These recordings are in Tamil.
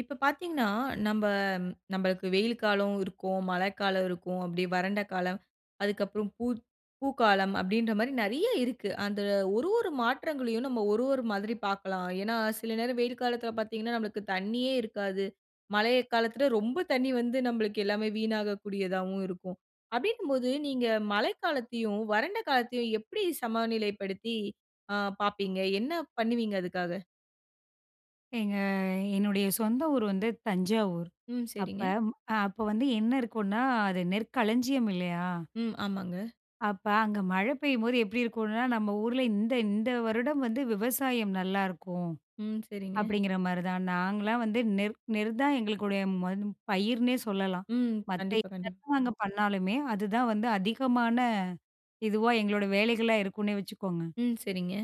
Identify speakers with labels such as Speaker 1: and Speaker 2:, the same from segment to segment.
Speaker 1: இப்ப பார்த்தீங்கனா, நம்ப நம்பளுக்கு வெயில் காலம் இருக்கும், மழைக்காலம் இருக்கும். அப்டியே வறண்ட காலம் அதுக்கப்புறம் பூ பூக்காலம் அப்டின்ற மாரி நெறைய இருக்கு. அந்த ஒரு ஒரு மாற்றங்களையும் நம்ம ஒரு ஒரு மாதிரி பார்க்கலாம். ஏனா, சில நேரம் வெயில் காலத்தில பார்த்தீங்கன்னா, நம்மளுக்கு தண்ணியே இருக்காது. மழை காலத்தில ரொம்ப தண்ணீ வந்து, நம்மளுக்கு எல்லாமே வீணாகக்கூடியதாவும் இருக்கும். அப்டிங்கும்போது நீங்க மழைக்காலத்தையும், வறண்ட காலத்தையும் எப்டி சமநிலைப்படுத்தி அ பார்ப்பீங்க? என்ன பண்ணுவீங்க அதுக்காக?
Speaker 2: ஏங்க என்னுடைய சொந்த ஊர் வந்து தஞ்சாவூர்.
Speaker 1: ம்.
Speaker 2: அப்ப
Speaker 1: சரிங்க.
Speaker 2: அ அப்ப வந்து என்ன இருக்குன்னா, அது நெற்களஞ்சியம் இல்லையா?
Speaker 1: ம். ஆமாங்க.
Speaker 2: அப்ப அங்க மழை பெய்யும்போது எப்டி இருக்கும்னா, நம்ம ஊர்ல இந்த இந்த வருடம் வந்து விவசாயம் நல்லாருக்கும்.
Speaker 1: ம். சரிங்க.
Speaker 2: அப்டிங்கிற மாரிதான் நாங்களாம் வந்து நெற் நெற் தான் எங்களுக்குடைய ம பயிர்ன்னே சொல்லலாம்.
Speaker 1: ம்.
Speaker 2: மத்த
Speaker 1: கண்டிப்பா, கண்டிப்பா.
Speaker 2: என்னதான் நாங்க பண்ணாலுமே, அதுதான் வந்து அதிகமான, இதுவா எங்களோட வேலைகளா இருக்குன்னே வச்சுக்கோங்க.
Speaker 1: ம். சரிங்க.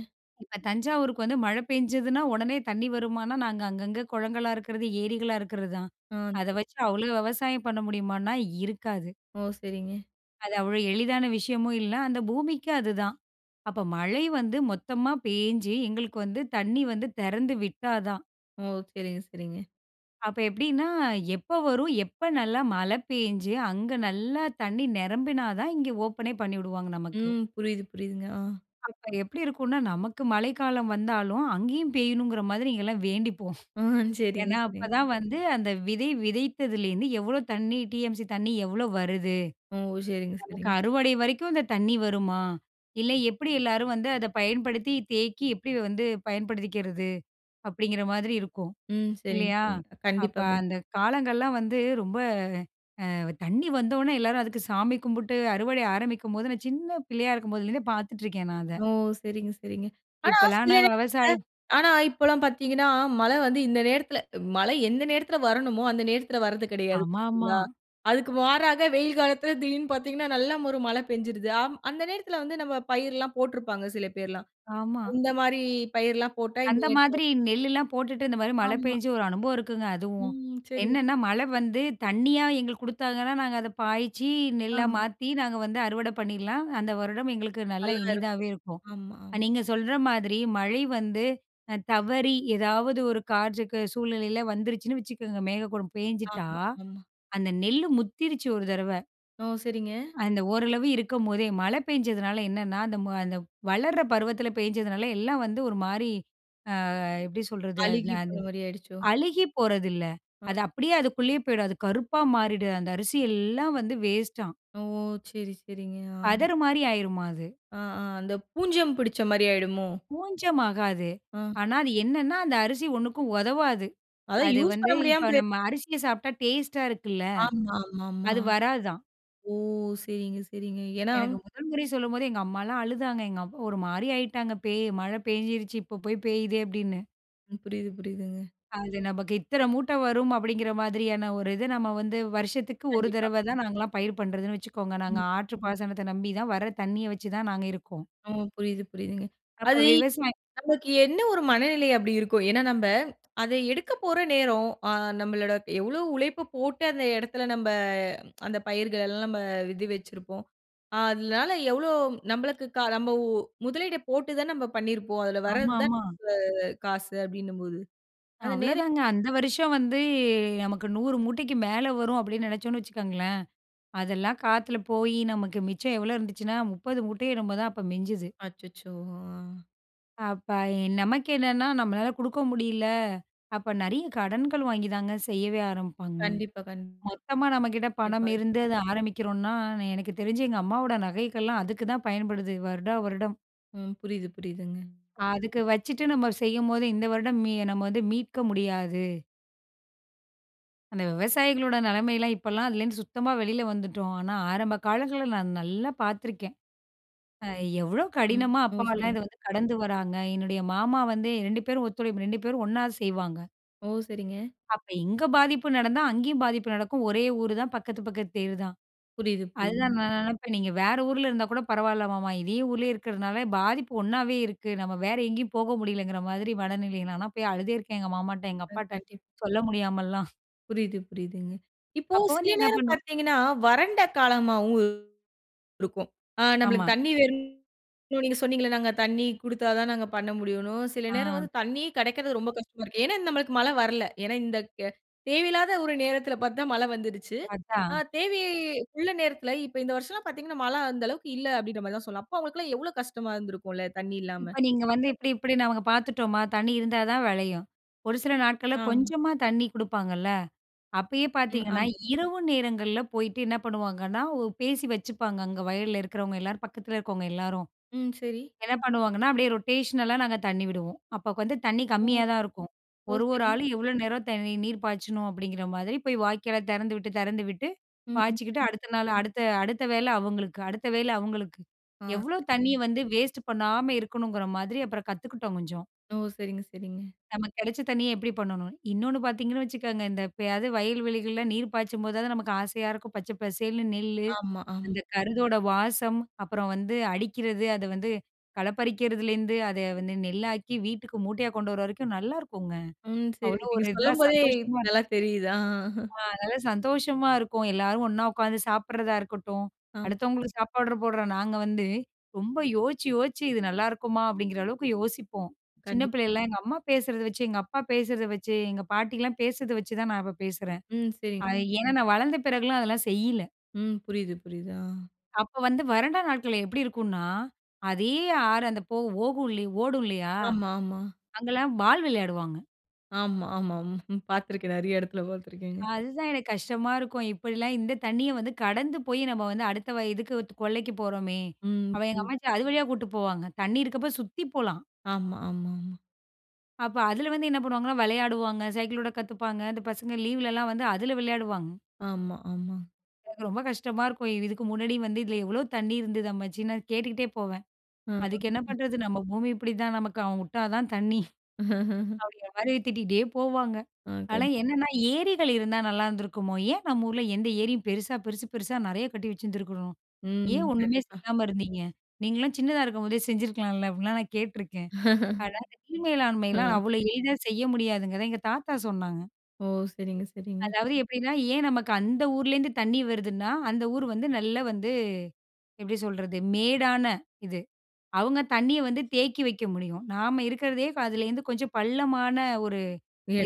Speaker 2: இப்ப தஞ்சாவூருக்கு வந்து மழ பெஞ்சதுன்னா உடனே தண்ணி வருமானா, நாங்க அங்கங்க குளங்களா இருக்கிறது, ஏரிகளா இருக்கிறது தான்.
Speaker 1: ஆ,
Speaker 2: அத
Speaker 1: ஓகே
Speaker 2: வச்சு அவ்வளோ விவசாயம் பண்ண முடியுமான்னா இருக்காது.
Speaker 1: ஓ! சரிங்க.
Speaker 2: அது அவ்ளோ எளிதான விஷயமும் இல்ல. அந்த பூமிக்கும் அதுதான். அப்ப மழை வந்து மொத்தமா பேஞ்சு எங்களுக்கு வந்து தண்ணி வந்து தெறந்து விட்டா தான்.
Speaker 1: ஓ! சரிங்க சரிங்க.
Speaker 2: அப்ப எப்டின்னா, எப்ப வரும், எப்ப நல்ல மழை பேய்ஞ்சு அங்க நல்லா தண்ணீ நெரம்பினா தான் இங்கே ஓப்பனே பண்ணிவிடுவாங்க நமக்கு.
Speaker 1: ம் புரியுது, புரியுதுங்க. ஆ.
Speaker 2: அப்ப எப்டி இருக்கும்னா நமக்கு மழைக்காலம் வந்தாலும், அங்கேயும் பெய்யணுங்கிற மாதிரி இங்கெல்லாம் வேண்டிப்போம்.
Speaker 1: ஆ சரிங்க
Speaker 2: ஏன்னா,
Speaker 1: சரிங்க.
Speaker 2: அப்பதான் வந்து அந்த விதை விதைத்ததிலேருந்து, "எவ்ளோ தண்ணி டிஎம்சி தண்ணி எவ்ளோ வருது?
Speaker 1: ஓ! சரிங்க,
Speaker 2: நமக்கு
Speaker 1: சரிங்க.
Speaker 2: அறுவடை வரைக்கும் இந்த தண்ணி வருமா? இல்ல எப்டி எல்லாரும் வந்து அதை பயன்படுத்தி, தேக்கி எப்டி வந்து பயன்படுத்திக்கிறது?" அப்டிங்கிற மாதிரி இருக்கும்,
Speaker 1: ம் சரிங்க,
Speaker 2: இல்லையா?
Speaker 1: சரிங்க.
Speaker 2: அப்ப
Speaker 1: கண்டிப்பா கண்டிப்பா.
Speaker 2: அந்த காலங்கள்லாம் வந்து ரொம்ப அ தண்ணி வந்தவுடனே எல்லாரும் அதுக்கு சாமி கும்பிட்டு அறுவடை ஆரம்பிக்கும்போது, நான் சின்ன பிள்ளையா இருக்கும்போதுலருந்தே பார்த்துட்ருக்கேன் நான் அத.
Speaker 1: ஓ! சரிங்க சரிங்க. ஆனா
Speaker 2: இப்போலாம்
Speaker 1: சில
Speaker 2: நான்
Speaker 1: நேரத்தில,
Speaker 2: விவசாயம்
Speaker 1: ஆனா இப்பல்லாம் பார்த்தீங்கன்னா, மழை வந்து இந்த நேரத்தில மழை எந்த நேரத்தில வரணுமோ, அந்த நேரத்தில வர்றது கெடையாது.
Speaker 2: ஆமாமா.
Speaker 1: சரிங்களா! அதுக்கு மாறாக வெயில் காலத்தில திடீருன்னு பார்த்தீங்கன்னா நல்ல ஒரு மழை பெஞ்சுருது. அம் அந்த நேரத்தில வந்து நம்ம பயிர்லாம் போட்ருப்பாங்க சில பேர்லாம்.
Speaker 2: ஆமா.
Speaker 1: இந்த மாரி பயிர்லாம் போட்டா இந்த
Speaker 2: அந்த
Speaker 1: [unintelligible]
Speaker 2: மாதிரி நெல்லெல்லாம் போட்டுட்டு இந்த மாரி மழை
Speaker 1: ஆமா.
Speaker 2: பேஞ்சு ஒரு அனுபவம் இருக்குங்க அதுவும்.
Speaker 1: ம், சரிங்க.
Speaker 2: என்னன்னா மழை வந்து தண்ணியா எங்களுக்கு கொடுத்தாதானே, நாங்க அதை பாய்ச்சி நெல்லா
Speaker 1: ஆமா.
Speaker 2: மாத்தி நாங்க வந்து அறுவடை பண்ணிரலாம். அந்த வருடம் எங்களுக்கு நல்லா
Speaker 1: நல்லா இருக்கும்.
Speaker 2: இனிதாவே இருக்கும். அ
Speaker 1: ஆமாம்.
Speaker 2: நீங்க சொல்ற மாதிரி மழை வந்து, அ தவறி ஏதாவது ஒரு காற்றுக்கு சூழ்நிலையில வந்துருச்சுன்னு வச்சுக்கோங்க. மேகக்கூட்டம் பேஞ்சிட்டா,
Speaker 1: ஆமா, ஆமா.
Speaker 2: அந்த நெல்லு முத்திருச்சு ஒரு தடவ.
Speaker 1: ஓ! சரிங்க.
Speaker 2: அந்த ஓரளவு இருக்கும்போதே, மழை பெஞ்சதுனால, என்னன்னா அந்த ம அந்த வளர்ற பருவத்தில பேய்ஞ்சதுனால எல்லாம் வந்து ஒரு மாரி அ எப்படி சொல்றது? அத் ந
Speaker 1: அழுகி
Speaker 2: அது
Speaker 1: போன மாரி ஆயிடுச்சோ?
Speaker 2: அழுகிப் போறதில்ல.
Speaker 1: ஆ.
Speaker 2: அது அப்படியே அதுக்குள்ளயே போய்டும். அது கருப்பா மாறிடும். அந்த அரிசி எல்லாம் வந்து வேஸ்ட்டாம்.
Speaker 1: ஓ! சரி, சரிங்க. ஆ.
Speaker 2: பதரு மாரி ஆயிருமா, அது.
Speaker 1: ஆ. ஆ. அந்த பூஞ்சம் புடிச்ச மாரி ஆயிடுமோ?
Speaker 2: பூஞ்சம் ஆகாது.
Speaker 1: ஆ.
Speaker 2: ஆனா, அது என்னன்னா, அந்த அரிசி ஒண்ணுக்கும் உதவாது.
Speaker 1: அதான்
Speaker 2: அது
Speaker 1: யூஸ்
Speaker 2: வந்து
Speaker 1: பண்ண முடியாம
Speaker 2: இப்ப
Speaker 1: போ
Speaker 2: நம்ம அரிசிய சாப்பிட்டா டேஸ்ட்டா இருக்குல்ல.
Speaker 1: ஆமா, ஆமா, ஆமா.
Speaker 2: அது வராதாம்.
Speaker 1: ஓ! சரிங்க, சரிங்க. ஏன்னா
Speaker 2: எனக்கு முதல் முறை சொல்லும்போதே, எங்க அம்மால்லாம் அழுதாங்க. எங்கப் ஒரு மாரி ஆயிட்டாங்க. பேய் "மழை பேய்ஞ்சிடுச்சு. இப்ப போய் பேயிதே!" அப்படின்னு.
Speaker 1: ம். புரியுது, புரியுதுங்க.
Speaker 2: அது நமக்கு இத்தனை மூட்டை வரும் அப்பிடிங்கிற மாதிரியான ஒரு இது நம்ம வந்து வருஷத்துக்கு ஒரு
Speaker 1: கண்டிப்பா.
Speaker 2: தடவை தான் நாங்கல்லாம் பயிர் பண்றதுன்னு வச்சுக்கோங்க. நாங்க
Speaker 1: ம்.
Speaker 2: ஆற்று பாசனத்த நம்பி தான், வர தண்ணிய வச்சுதான் நாங்க இருக்கோம்.
Speaker 1: ம். புரியுது, புரியுதுங்க.
Speaker 2: அப்ப
Speaker 1: அது
Speaker 2: விவசாய
Speaker 1: நமக்கு என்ன ஒரு மனநிலை அப்படி இருக்கும். ஏனா, நம்ம அத எடுக்க போற நேரம் அ நம்மளோட எவ்வளோ உழைப்ப போட்டு அந்த இடத்துல, நம்ப அந்த பயிர்கள் எல்லாம் நம்ம இது வச்சிருப்போம். அதனால எவ்வளோ நம்மளுக்கு கா நம்போ முதலீட்ட போட்டு தான் நம்ப பண்ணிருப்போம். அதுல
Speaker 2: ஆமா,
Speaker 1: வரது தான்
Speaker 2: ஆமா.
Speaker 1: [unintelligible] காசு அப்படின்னும்போது. அந்த நேர
Speaker 2: அவ்வளோதாங்க. அந்த வருஷம் வந்து நமக்கு 100 மூட்டைக்கு மேல வரும். அப்படின்னு நினைச்சோம்னு வச்சுக்கோங்களேன். அதெல்லாம் காத்துல போயி, நமக்கு மிச்சம் எவ்ளோ இருந்துச்சுன்னா 30 மூட்டயோ என்னமோ தான் அப்ப மிஞ்சுது.
Speaker 1: அச்சச்சோ! ஆ.
Speaker 2: அப்ப எ நமக்கு என்னன்னா, நம்மளால குடுக்க முடியல. அப்ப நெறைய கடன்கள் வாங்கி தாங்க செய்யவே ஆரம்பிப்பாங்க.
Speaker 1: கண்டிப்பா, கண்
Speaker 2: மொத்தமா நம்மகிட்ட
Speaker 1: டிப்பாயோ.
Speaker 2: பணமிருந்து அத ஆரம்பிக்கிறோன்னா, எனக்கு தெரிஞ்சு எங்க அம்மாவோட நகைகள்லாம் அதுக்குதான் பயன்படுது, வருடா வருடம்.
Speaker 1: ம். புரியுது, புரியுதுங்க.
Speaker 2: அதுக்கு வச்சுட்டு நம்ப செய்யும்போது, இந்த வருடம் மீ நம்ம வந்து மீட்க முடியாது. அந்த விவசாயிகளோட நெலைமையலாம், இப்பல்லாம் அதுலேருந்து சுத்தமா வெளியில வந்துட்டோம். ஆனா, ஆரம்ப காலங்கள்ல நான் நல்லா பார்த்துருக்கேன். அ எவ்வளோ
Speaker 1: ம்.
Speaker 2: கடினமா,
Speaker 1: ஓ!
Speaker 2: அப்பாலாம்
Speaker 1: சரிங்க.
Speaker 2: இத வந்து கடந்து வர்றாங்க. என்னுடைய மாமா வந்து 2 பேரும் ஒத்துழைப்பு, 2 பேரும் ஒண்ணா செய்வாங்க.
Speaker 1: ஓ! சரிங்க.
Speaker 2: அப்ப இங்க பாதிப்பு நடந்தா அங்கேயும் பாதிப்பு நடக்கும். ஒரே ஊரு தான். பக்கத்து, பக்கத்து தெரு தான்.
Speaker 1: புரியுது,
Speaker 2: அதுதான்
Speaker 1: புரியுதுங்க.
Speaker 2: நான் நெனைப்பேன், "நீங்க வேற ஊர்ல இருந்தா கூட பரவால்ல மாமா, இதே ஊர்லே இருக்கறதுனால பாதிப்பு ஒண்ணாவே இருக்கு." நம்ம வேற எங்கேயும் போக முடியலைங்கிற மாதிரி மனநிலை. நான்லாம் போய் அழுதே இருக்கேன். எங்க மாமாட்ட, எங்க
Speaker 1: அ,
Speaker 2: அப்பாட்ட
Speaker 1: கண்டிப்பா.
Speaker 2: சொல்ல முடியாமல்லாம்.
Speaker 1: புரியுது, புரியுதுங்க. இப்போ
Speaker 2: அப்போ வந்து
Speaker 1: சில
Speaker 2: என்னா
Speaker 1: நேரம்
Speaker 2: பண்ணுவோம்?
Speaker 1: பார்த்தீங்கன்னா, வறண்ட காலமாவும் இருக்கும். அ
Speaker 2: ஆமா.
Speaker 1: நம்பளுக்கு தண்ணி வேணும் நீங்க சொன்னீங்கல்ல நாங்க தண்ணி குடுத்தா தான் நாங்க பண்ண முடியும்ன்னும். சில நேரம்
Speaker 2: ஆ.
Speaker 1: வந்து தண்ணியே கெடைக்கிறது ரொம்ப கஷ்டமா இருக்கு. ஏன்னா, நம்மளுக்கு மழை வரல்லை. ஏன்னா, இந்த க் ய தேவையில்லாத ஒரு நேரத்தில பார்த்து தான் மழை வந்துருச்சு. ஆ
Speaker 2: அதான்.
Speaker 1: தேவையே உள்ள நேரத்தில, இப்ப இந்த வருஷம்ல்லாம் பார்த்தீங்கன்னா, மழை அந்த அளவுக்கு இல்லை." அப்படீன்ற மாதிரி தான் சொல்லலாம். அப்போ அவங்களுக்கெல்லாம் எவ்வளோ கஷ்டமா இருந்திருக்கும்ல்ல, தண்ணி இல்லாம?
Speaker 2: இப்ப
Speaker 1: அப்ப
Speaker 2: நீங்க வந்து இப்படி இப்படி நாங்க
Speaker 1: [unintelligible]
Speaker 2: பார்த்துட்டோமா. தண்ணி இருந்தா தான் வெளையும். ஒரு சில நாட்கள்ல,
Speaker 1: ஆமா.
Speaker 2: கொஞ்சமா தண்ணி குடுப்பாங்கல்ல, அப்பயே
Speaker 1: ம்.
Speaker 2: பார்த்தீங்கன்னா,
Speaker 1: ஆமாங்க.
Speaker 2: இரவு நேரங்கள்ல போயிட்டு என்ன பண்ணுவாங்கன்னா, ஒ பேசி வச்சுப்பாங்க அங்க வயல்ல இருக்கிறவங்க எல்லாரும், பக்கத்தில இருக்கவங்க எல்லாரும்.
Speaker 1: ம். சரி.
Speaker 2: என்ன பண்ணுவாங்கன்னா, அப்டியே ரொட்டேஷனல் அ நாங்க தண்ணி விடுவோம். அப்போ க் வந்து தண்ணி
Speaker 1: ஓ!
Speaker 2: கம்மியா தான் இருக்கும்.
Speaker 1: ஓ,
Speaker 2: "ஒரு, ஒரு
Speaker 1: சரி.
Speaker 2: ஆளும் எவ்வளோ நேரம் தண் நீர் பாய்ச்சணும்." அப்படீங்கிற மாதிரி போய் வாய்க்கால தெறந்துவிட்டு, தெறந்துவிட்டு,
Speaker 1: ம்.
Speaker 2: பாய்ச்சிக்கிட்டு
Speaker 1: [unintelligible]
Speaker 2: அடுத்த நாள், அடுத்த அடுத்த வேளை அவங்களுக்கு, அடுத்த வேளை அவங்களுக்கு.
Speaker 1: ஆ,
Speaker 2: எவ்வளோ
Speaker 1: சரிங்
Speaker 2: தண்ணிய வந்து வேஸ்ட் பண்ணாம இருக்கணுங்கிற மாதிரி அப்பறம் கத்துக்கிட்டோம் கொஞ்சம்.
Speaker 1: ஓ! சரிங்க, சரிங்க.
Speaker 2: நமக்கு கெடைச்ச தண்ணிய எப்படி பண்ணணும்? இன்னொன்னு பார்த்தீங்கன்னு வச்சுக்கங்க, இந்த எப்பயாவது வயல் வெளிகள்ல நீர் பாய்ச்சும்போதாவது நமக்கு ஆசையா இருக்கும். பச்சை பசேல்ன்னு நெல்லு,
Speaker 1: ஆமா, ஆம்.
Speaker 2: அந்த கருதோட வாசம், அப்பறம் வந்து அடிக்கிறது, அத வந்து களப்பறிக்கிறதுலேருந்து, அத வந்து நெல்லாக்கி, வீட்டுக்கு மூட்டையா கொண்டு வர்ற வரைக்கும் நல்லாயிருக்குங்க.
Speaker 1: ம். சரி.
Speaker 2: அவ்ளோ
Speaker 1: நீங்க
Speaker 2: ஒரு இதா,
Speaker 1: சொல்லும் போதே,
Speaker 2: சந்தோஷமா
Speaker 1: நல்லா தெரியுது. ஆ.
Speaker 2: ஆ அதனால சந்தோஷமா இருக்கும். எல்லாரும் ஒண்ணா உட்காந்து சாப்பிடறதா இருக்கட்டும்,
Speaker 1: ஆ.
Speaker 2: அடுத்தவங்களுக்கு சாப்பாடுற போடுறோம் நாங்க வந்து ரொம்ப யோசிச்சு யோசிச்சு "இது நல்லாயிருக்குமா?" அப்படீங்கிற அளவுக்கு யோசிப்போம். சின்ன
Speaker 1: கண்டிப்பா.
Speaker 2: பிள்ளைலல்லாம் எங்க அம்மா பேசுறத வச்சு, எங்க அப்பா பேசுறத வச்சு, எங்க பாட்டிகள்லாம் பேசுறதை வச்சு தான், நான் இப்ப பேசுறேன்.
Speaker 1: ம். சரிங்க.
Speaker 2: அது ஏன்னா நான் வளர்ந்த பிறகுலாம், அதெல்லாம் செய்யில.
Speaker 1: ம். புரியுது, புரியுது. ஆ.
Speaker 2: அப்போ வந்து வறண்ட நாட்கள் எப்படி இருக்குனா, அதே ஆறு அந்த போ ஓடும் இல்லி ஓடும் இல்லயா?
Speaker 1: ஆமா, ஆமா.
Speaker 2: அங்கலாம் பால் விளையாடுவாங்க.
Speaker 1: ஆமா, ஆமா. ம்ஹ்ம். பாத்துருக்கேன் நெறைய இடத்துல பாத்துருக்கேங்க.
Speaker 2: அதுதான் எனக்கு கஷ்டமா இருக்கும். இப்படிலாம் இந்த தண்ணீய வந்து கடந்து போயி, நம்ம வந்து அடுத்த வயலுக்கு இது கொல்லைக்கு போறோமே,
Speaker 1: ம்,
Speaker 2: அவ எங்க
Speaker 1: ம்.
Speaker 2: அம்மாச்சி அது வழியா கூட்ட்டு போவாங்க. தண்ணீ இருக்கப்போ சுத்தி போலாம்.
Speaker 1: ஆமா, ஆமா, ம்.
Speaker 2: அப்போ அதுல வந்து என்ன பண்ணுவாங்கன்னா, வெளையாடுவாங்க, சைக்கிளோட்ட கத்துப்பாங்க. அந்த பசங்க லீவ் ல எல்லாம் வந்து அதுல விளையாடுவாங்க.
Speaker 1: ஆமா, ஆமா.
Speaker 2: எனக்கு ரொம்ப கஷ்டமா இருக்கும். இதுக்கு முன்னாடி வந்து, "இதில எவ்வளோ தண்ணீ இருந்தது அம்மமச்சி?" நான் கேட்டுக்கிட்டே போவேன். "அதுக்கு என்ன
Speaker 1: [unintelligible]
Speaker 2: பண்றது? நம்ம பூமி இப்படிதான். நமக்கு அவன் விட்டா தான் தண்ணீ.” அப்படிங்குற மாரி திட்டிகிட்டே போவாங்க.
Speaker 1: ஆ
Speaker 2: ஆனா
Speaker 1: கண்டி
Speaker 2: என்னன்னா, "ஏரிகள் இருந்தா நல்லாருந்திருக்குமோ? ஏன் நம்ம ஊர்ல எந்த ஏரியும் பெருசா, பெருசு பெருசா நெறைய கட்டி வச்சுருந்துருக்கணும்? ஏன்
Speaker 1: ம்,
Speaker 2: ஒண்ணுமே
Speaker 1: கண்டிப்பா.
Speaker 2: செய்யாம இருந்தீங்க? நீங்கள்லாம் சின்னதா இருக்கும்போதே செஞ்சிருக்கலாம்ல!” அப்டின்லாம் நான் கேட்டுருக்கேன். ஆனா, அந்த நீர் மேலாண்மைலாம்
Speaker 1: அ,
Speaker 2: அவ்வளோ எளிதா செய்ய முடியாதுங்கறத, எங்க தாத்தா சொன்னாங்க.
Speaker 1: ஓ! சரிங்க, சரிங்க.
Speaker 2: அதாவது, எப்படின்னா, ஏன் நமக்கு அந்த ஊர்லேருந்து தண்ணீ வருதுன்னா, அந்த ஊர் வந்து நல்லா வந்து எப்படி சொல்றது? மேடான இது, அவுங்க தண்ணீய வந்து தேக்கி வைக்க முடியும். நாம இருக்கிறதே அதுலேருந்து கொஞ்சம் பள்ளமான ஒரு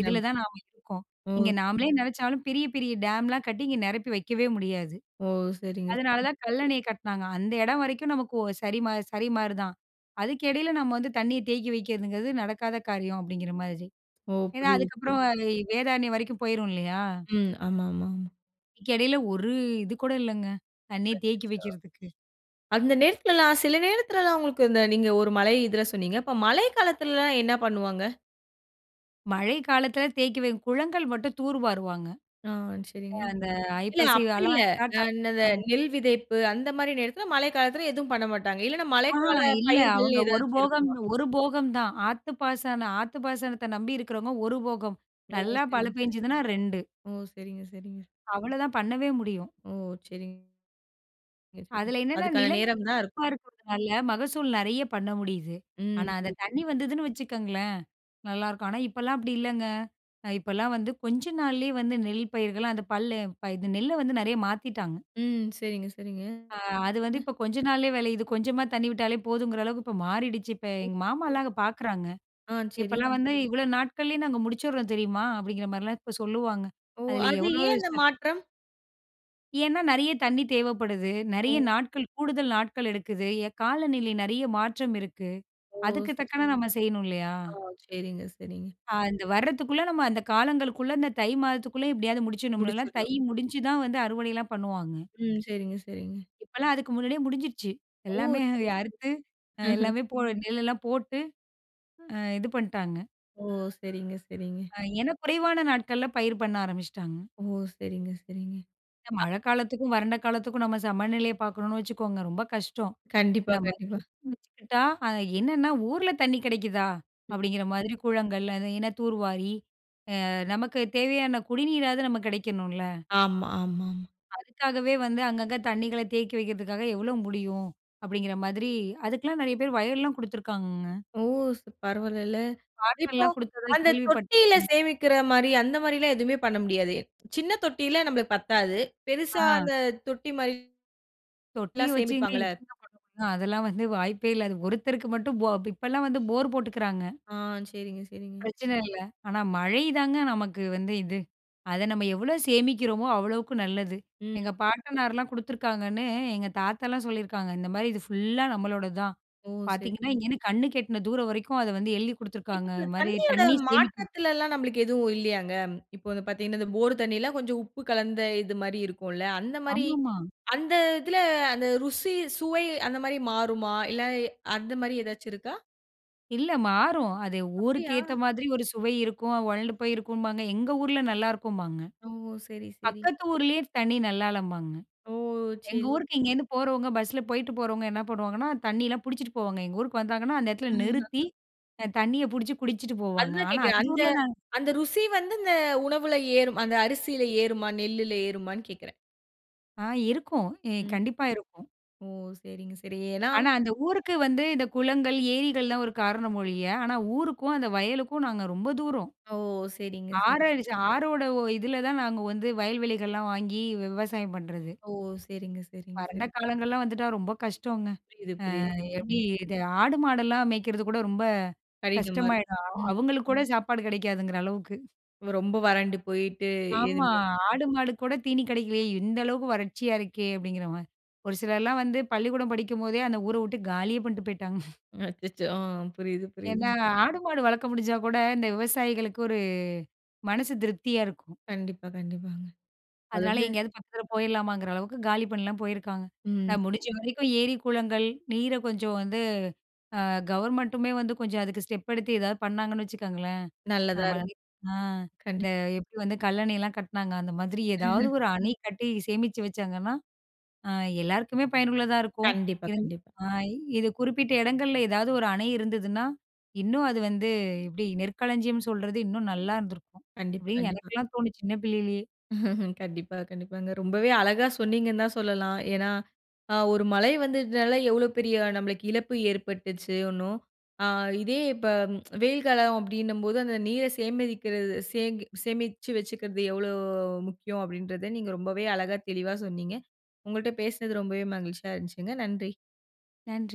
Speaker 2: இதில தான் நாம இருக்கோம். இங்க
Speaker 1: ஓ!
Speaker 2: நாமளே நினைச்சாலும், பெரிய பெரிய டேம்லாம் கட்டி இங்க நெரப்பி வக்கவே முடியாது.
Speaker 1: ஓஹ் சரிங்க,
Speaker 2: அதனால
Speaker 1: சரி.
Speaker 2: தான் கல்லணைய கட்னாங்க. அந்த எடம் வரைக்கும் நமக்கு ஒ சரிமா சரிமாரிதான். அதுக்கு இடையில நம்ம வந்து தண்ணீய தேக்கி வைக்கிறதுங்கிறது நடக்காத காரியம், அப்படிங்கிற மாதிரி.
Speaker 1: ஓ.
Speaker 2: ஏன்னா,
Speaker 1: புரியுது, புரியுது.
Speaker 2: அதுக்கப்புறம் அது வேதாரண்யம் வரைக்கும் போயிரும், இல்லையா?
Speaker 1: ம். ஆமா, ஆமா. ஆம்,
Speaker 2: இதுக்கு எடையில ஒரு இது கூட இல்லைங்க, தண்ணிய தேக்கி
Speaker 1: அச்சச்சோ.
Speaker 2: வைக்கிறதுக்கு.
Speaker 1: அந்த நேரத்துலலாம் சில நேரத்துலலாம் உங்களுக்கு இந்த நீங்க ஒரு மழை இதில சொன்னீங்க. இப்போ மழை காலத்திலலாம் என்ன பண்ணுவாங்க?
Speaker 2: மழை காலத்துல தேக்கி வைக் குளங்கள் மட்டும் தூர்வாருவாங்க.
Speaker 1: ஆ
Speaker 2: அ
Speaker 1: சரிங்க.
Speaker 2: அந்த
Speaker 1: இல்ல
Speaker 2: ஐப்பசி
Speaker 1: அப்டி இல்ல.
Speaker 2: காலம் ஸ்டார்ட்
Speaker 1: அ
Speaker 2: ஆ
Speaker 1: இந்த
Speaker 2: ம்.
Speaker 1: நெல் விதைப்பு, அந்த மாரி நேரத்தில மழை காலத்தில எதுவும் பண்ண மாட்டாங்க. இல்லைன்னா
Speaker 2: ஆ
Speaker 1: மழைக்கால
Speaker 2: இல்ல.
Speaker 1: பயிர்கள்னு
Speaker 2: அவங்க ஒரு
Speaker 1: ஏதாச்சும்
Speaker 2: போகம்
Speaker 1: இருக்குமா?
Speaker 2: ஒரு போகம் தான். ஆத்து பாசன ஆத்து பாசனத்த நம்பி இருக்கிறவங்க 1 போகம்
Speaker 1: ஒ!
Speaker 2: நல்லா மழ
Speaker 1: சரிங்க சரிங்க.
Speaker 2: பெஞ்சதுனா 2.
Speaker 1: ஓ! சரிங்க சரிங்க.
Speaker 2: அவ்வளதான் பண்ணவே முடியும்.
Speaker 1: ஓ! சரிங்க. ய சரி.
Speaker 2: அதில என்னென்ன
Speaker 1: அதுக்கான
Speaker 2: நிலங்க
Speaker 1: நேரம் தான் இருக்கும்.
Speaker 2: [unintelligible] மகசூல் நெறைய பண்ண முடியுது. ஆனா
Speaker 1: ம்
Speaker 2: அந்த
Speaker 1: புரியுது
Speaker 2: தண்ணி
Speaker 1: புரி
Speaker 2: வந்ததுன்னு வச்சுக்கோங்களேன், நல்லாருக்கும். ஆனா இப்போலாம் அப்டி இல்லைங்க. அ இப்போலாம் வந்து கொஞ்ச நாள்லேயே வந்து நெல் பயிர்கள் அந்த பல்ல இந்த நெல்ல வந்து நெறைய மாத்திட்டாங்க.
Speaker 1: ம் சரிங்க சரிங்க.
Speaker 2: ஆ, அது வந்து
Speaker 1: அ.
Speaker 2: இப்ப கொஞ்சம் நாள்லேயே வெளையிது. கொஞ்சமா தண்ணி விட்டாலே போதுங்கிற அளவுக்கு இப்ப மாறிடுச்சு. இப்ப எங்க
Speaker 1: [unintelligible]
Speaker 2: மாமாலாம் அங்க பாக்குறாங்க.
Speaker 1: ஆ சரி.
Speaker 2: இப்போலாம் வந்து இவ்வளோ நாட்கள்லேயே நாங்க முடிச்சிர்றோம் தெரியுமா? அப்டிங்கிற மாரிலாம் இப்போ சொல்லுவாங்க.
Speaker 1: ஓ!
Speaker 2: அதில
Speaker 1: அது
Speaker 2: எவ்ளோ
Speaker 1: ஏன் அந்த
Speaker 2: சக்
Speaker 1: மாற்றம்?
Speaker 2: ஏன்னா, நிறையா தண்ணீ தேவப்படுது. நிறையா
Speaker 1: ஓ.
Speaker 2: நாட்கள், கூடுதல் நாட்கள் எடுக்குது. எ காலநிலை நிறையா மாற்றம் இருக்கு.
Speaker 1: ஓ
Speaker 2: அதுக்கு
Speaker 1: சரி.
Speaker 2: தக்கன நம்ம செய்யணும் இல்லையா?
Speaker 1: ஓ. சரிங்க, சரிங்க.
Speaker 2: அ அந்த வரத்துக்குள்ள நம்ம அந்த காலங்கள்குள்ள இந்த தை மாதத்துக்குள்ள எப்டியாவது முடிச்சிடணும்ல்ல. தை
Speaker 1: முடிச்சிடணும்.
Speaker 2: முடிச்சு தான் வந்து அறுவடைலாம் பண்ணுவாங்க.
Speaker 1: ம். சரிங்க, சரிங்க.
Speaker 2: இப்பலாம் அதுக்கு முன்னாடியே முடிஞ்சிடுச்சு.
Speaker 1: ஓ!
Speaker 2: எல்லாமே
Speaker 1: சரி.
Speaker 2: அறுத்து அ
Speaker 1: ம்ஹ்ம்.
Speaker 2: எல்லாமே போட நெல் எல்லாம் போட்டு அ இது பண்ட்டாங்க.
Speaker 1: ஓ சரிங்க, சரிங்க.
Speaker 2: அ ஏனா குறைவான நாட்கள்ல பயிர் பண்ண ஆரம்பிச்சுட்டாங்க.
Speaker 1: ஓ சரிங்க, சரிங்க.
Speaker 2: இல்ல.
Speaker 1: அ
Speaker 2: மழக்காலத்துக்கும் வறண்ட காலத்துக்கும் நம்ம சமநிலைய பாக்கணும்னு வச்சுக்கோங்க ரொம்ப கஷ்டம்.
Speaker 1: கண்டிப்பா,
Speaker 2: நம்ம
Speaker 1: கண்டிப்பா.
Speaker 2: [unintelligible] வச்சுக்கிட்டா அ என்னன்னா, ஊர்ல தண்ணி கிடைக்குதா?
Speaker 1: ம்.
Speaker 2: அப்டிங்கற மாதிரி குளங்கள் அது என்ன தூர்வாரி அ நமக்கு தேவையான குடிநீராவது நமக்கு கிடைக்கணுல.
Speaker 1: ஆமா, ஆமா.
Speaker 2: அதுக்காகவே வந்து அங்கங்க தண்ணிகள தேக்கி வைக்குறதுக்காக எவ்ளோ முடியும்? அப்டிங்கற மாதிரி அதுக்கெல்லாம் நிறைய பேர் வயல்லாம் குடுத்துருக்காங்கங்க.
Speaker 1: ஓ! ச பரவால்லல. இப்போ
Speaker 2: காட்டலாம் குடுத்ததா
Speaker 1: அந்த
Speaker 2: கேள்விப்பட்
Speaker 1: தொட்டில
Speaker 2: ம்.
Speaker 1: சேமிக்குற மாரி அந்த மாரில்லாம் எதுவுமே பண்ண முடியாது? சின்ன தொட்டில நமக்கு பத்தாது. பெரிசா
Speaker 2: ஆ.
Speaker 1: அந்த தொட்டி மாரி
Speaker 2: தொட்டி
Speaker 1: எல்லாம்
Speaker 2: வச்சிங்க
Speaker 1: சேமிப்பாங்கல்ல.
Speaker 2: எப்படிங்க பண்ண முடியும்? அதெல்லாம் வந்து வாய்ப்பே இல்ல. அது ஒருத்தருக்கு மட்டும் போ இப்பலாம் வந்து போர் போட்டுக்குறாங்க.
Speaker 1: ஆ. சரிங்க, சரிங்க.
Speaker 2: பிரச்சன இல்ல. ஆனா மழைதாங்க நமக்கு வந்து இது. அத நம்ம எவ்ளோ சேமிக்கிறோமோ அவ்ளோக்கு நல்லது.
Speaker 1: ம்.
Speaker 2: எங்க பாட்டனார்லாம் குடுத்துருக்காங்கன்னு எங்க தாத்தாலாம் சொல்லிருக்காங்க, இந்த மாரி "இது ஃபுல்லா நம்மளோடது தான்"
Speaker 1: ஓ! சரி.
Speaker 2: பாத்தீங்கன்னா இங்கேருந்து கண்ணு கெட்டுன தூரம் வரைக்கும் அத வந்து எழுதி
Speaker 1: இப்ப
Speaker 2: குடுத்துருக்காங்க
Speaker 1: அந்த
Speaker 2: இது மாரி
Speaker 1: தண்ணீயோட
Speaker 2: தண்ணி சேமிக்க.
Speaker 1: மாற்றத்லல்லாம் நமக்கு எதுவும் இல்லையாங்க? இப்போ வந்து பாத்தீங்கனா போர் தண்ணீல்லாம் கொஞ்சம் உப்பு கலந்த இது மாரி இருக்கும்ல. அந்த மாரி
Speaker 2: ஆமாமா.
Speaker 1: அந்த இதுல அந்த ருசி சுவை அந்த மாரி மாறுமா? இல்ல அந்த மாரி ஏதாச்சு இருக்கா?
Speaker 2: இல்ல மாறும். அது ஊருக்கு
Speaker 1: அப்டியா?
Speaker 2: ஏத்த மாதிரி ஒரு சுவை இருக்கும். "ஒழண்டு போயிருக்கும்பாங்க, எங்க ஊர்ல நல்லா இருக்கும்பாங்க.
Speaker 1: ஓ! சரி சரி.
Speaker 2: பக்கத்து ஊரிலேயே தண்ணி நல்லாளம்பாங்க."
Speaker 1: ஓ!
Speaker 2: எங்க
Speaker 1: சரி.
Speaker 2: ஊருக்கு இங்கேருந்து போறவங்க பஸ்ஸில போய்ட்டு போறவங்க என்ன பண்ணுவாங்கன்னா, தண்ணியலாம் புடிச்சிட்டு போவாங்க. எங்க ஊருக்கு வந்தாங்கன்னா, அந்த இடத்துல நிறுத்தி
Speaker 1: ம்.
Speaker 2: அ தண்ணிய புடிச்சி குடிச்சிட்டு போவாங்க.
Speaker 1: அதுதான்
Speaker 2: ஆனா
Speaker 1: கேக்கேன்.
Speaker 2: அந்த
Speaker 1: அந்த
Speaker 2: ஊர்ல நாங்க
Speaker 1: அந்த ருசி வந்து இந்த உணவுல ஏறும். அந்த அரிசில ஏறுமா? நெல்லுல ஏறுமான்னு கேட்கிறேன்.
Speaker 2: ஆ இருக்கும். இ
Speaker 1: ம்.
Speaker 2: கண்டிப்பா இருக்கும்.
Speaker 1: ஓ! செரிங்க செரி, ஏன்னா
Speaker 2: ஆனா, அந்த ஊருக்கு வந்து இந்த குளங்கள், ஏரிகள் தான் ஒரு காரணம் ஒழிய. ஆனா ஊருக்கும் அந்த வயலுக்கும் நாங்க ரொம்ப தூரம்.
Speaker 1: ஓ! செரிங்க
Speaker 2: ஆறு
Speaker 1: செரி.
Speaker 2: அடிச்சு ஆறோட இதில தான் நாங்க வந்து வயல்வெளிகள்லாம் வாங்கி விவசாயம் பண்ணுறது.
Speaker 1: ஓ செரிங்க செரிங்க
Speaker 2: வறண்ட
Speaker 1: சரி.
Speaker 2: காலங்கள்லாம் வந்துட்டா ரொம்ப கஷ்டோங்க.
Speaker 1: புரியுது புரியுது.
Speaker 2: அ
Speaker 1: [unintelligible]
Speaker 2: எப்படி இது ஆடு மாடெல்லாம் மேய்க்கிறது கூட ரொம்ப
Speaker 1: கடினமாருக்கு.
Speaker 2: கஷ்டமாயிடும்.
Speaker 1: ம்.
Speaker 2: அவங்களுக்கு கூட சாப்பாடு கிடைக்காதுங்கிற அளவுக்கு.
Speaker 1: ஓ! ரொம்ப வறண்டு போயிட்டு
Speaker 2: ஆமா,
Speaker 1: எதுவுமே
Speaker 2: ஆடு மாடு கூட தீனி கிடைக்கலையே, "இந்த அளவுக்கு வறட்சியா இருக்கே" அப்படிங்கிற மாரி. ஒரு சிலர்லாம் வந்து பள்ளிக்கூடம் படிக்கும்போதே அந்த ஊரை விட்டு காலியே பண்ணிட்டு போய்ட்டாங்க.
Speaker 1: அச்சச்சோ! அ புரியுது புரியுது.
Speaker 2: ஏன்னா ஆடு மாடு வளர்க்க முடிஞ்சா கூட இந்த விவசாயிகளுக்கு ஒரு மனசு திருப்தியா இருக்கும்.
Speaker 1: கண்டிப்பா கண்டிப்பாங்க.
Speaker 2: அதனால
Speaker 1: அதாது.
Speaker 2: எங்கேயாவது பக்கத்தில போயிரலாமாங்கிற அளவுக்கு காலி பண்ணலாம் போயிருக்காங்க.
Speaker 1: ம்
Speaker 2: நான் முடிஞ்ச
Speaker 1: செரிங்க.
Speaker 2: வரைக்கும் ஏரி குளங்கள், நீரை கொஞ்சம் வந்து அ கவர்மென்ட்டுமே வந்து கொஞ்சம் அதுக்கு ஸ்டெப் எடுத்து ஏதாவது பண்ணாங்கன்னு வச்சுக்கோங்களேன்,
Speaker 1: நல்லதா
Speaker 2: ஆமா
Speaker 1: இருக்கும்.
Speaker 2: அ இந்த
Speaker 1: கண்டிப்பா.
Speaker 2: எப்படி வந்து கல்லணையெல்லாம் கட்டினாங்க. அந்த மாதிரி ஏதாவது ஒரு அணை கட்டி சேமிச்சு வச்சாங்கன்னா, அ எல்லாருக்குமே பயனுள்ளதா இருக்கும்.
Speaker 1: கண்டிப்பா
Speaker 2: இங்
Speaker 1: கண்டிப்பா.
Speaker 2: அ இது குறிப்பிட்ட இடங்கள்ல ஏதாவது ஒரு அணை இருந்ததுனா, இன்னும் அது வந்து எப்படி நெற்களஞ்சியம் சொல்றது இன்னும் நல்லா இருந்திருக்கும்.
Speaker 1: கண்டிப்பா
Speaker 2: அப்படின்னு
Speaker 1: கண்டிப்பா.
Speaker 2: எனக்கெல்லாம் தோணுது சின்ன பிள்ளையிலேயே.
Speaker 1: கண்டிப்பா கண்டிப்பாங்க. ரொம்பவே அழகா சொன்னிங்கன்னு தான் சொல்லலாம். ஏன்னா ஒரு மழை வந்ததுனால எவ்வளோ பெரிய நம்மளுக்கு இழப்பு ஏற்பட்டுச்சுன்னும்.அ இதே இப்போ வெயில் காலம் அப்படின்னும்போது அந்த நீரை சேமிக்கிறது, சே சேமிச்சு வச்சுக்கிறது எவ்வளோ முக்கியம் அப்படின்றத நீங்க ரொம்பவே அழகா தெளிவா சொன்னிங்க. உங்கள்ட்ட பேசினது ரொம்பவே மகிழ்ச்சியா இருந்துச்சுங்க. நன்றி.
Speaker 2: நன்றி.